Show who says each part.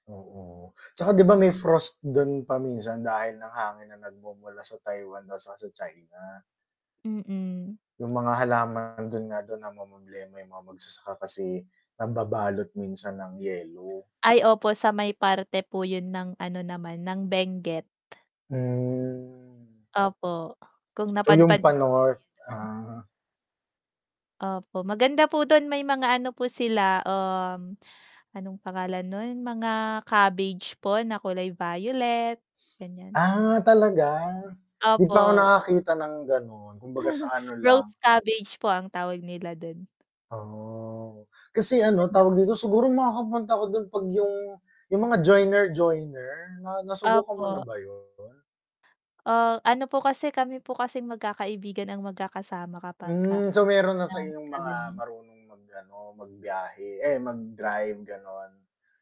Speaker 1: Oo, 'tsaka 'di ba may frost dun pa minsan dahil ang hangin na nagmumula sa Taiwan daw 'tsaka sa China.
Speaker 2: Mm.
Speaker 1: 'Yung mga halaman dun nga daw namomroblema 'yung mga magsasaka kasi nababalot minsan ng yelo.
Speaker 2: Ay opo, sa may parte po yun ng ano naman, ng Benguet.
Speaker 1: Hmm.
Speaker 2: Opo, kung
Speaker 1: So, 'yung
Speaker 2: napadpad na po
Speaker 1: pa-North,
Speaker 2: kayo dun.
Speaker 1: ah.
Speaker 2: Opo, maganda po dun may mga ano po sila, um, anong pangalan nun, mga cabbage po na kulay violet, ganiyan.
Speaker 1: Ah, talaga? 'Di pa ako
Speaker 2: Opo.
Speaker 1: nakakita ng ganun, kumbaga sa ano lang
Speaker 2: Rose cabbage po ang tawag nila dun.
Speaker 1: Oh. Kasi ano
Speaker 2: Ganda
Speaker 1: tawag
Speaker 2: po
Speaker 1: dito
Speaker 2: do'n.
Speaker 1: siguro makakapunta ako dun 'pag yung yung mga joiner-joiner na nasubukan mo na
Speaker 2: Opo.
Speaker 1: ba 'yun?
Speaker 2: Oh, ano po kasi kami po kasing magkakaibigan ang magkakasama kapagka
Speaker 1: Hmm. So, meron na sa
Speaker 2: yan,
Speaker 1: inyong
Speaker 2: 'pagka
Speaker 1: mga
Speaker 2: ganiyan.
Speaker 1: marunong mag ano, magbiyahe, eh
Speaker 2: Ah
Speaker 1: mag-drive gano'n?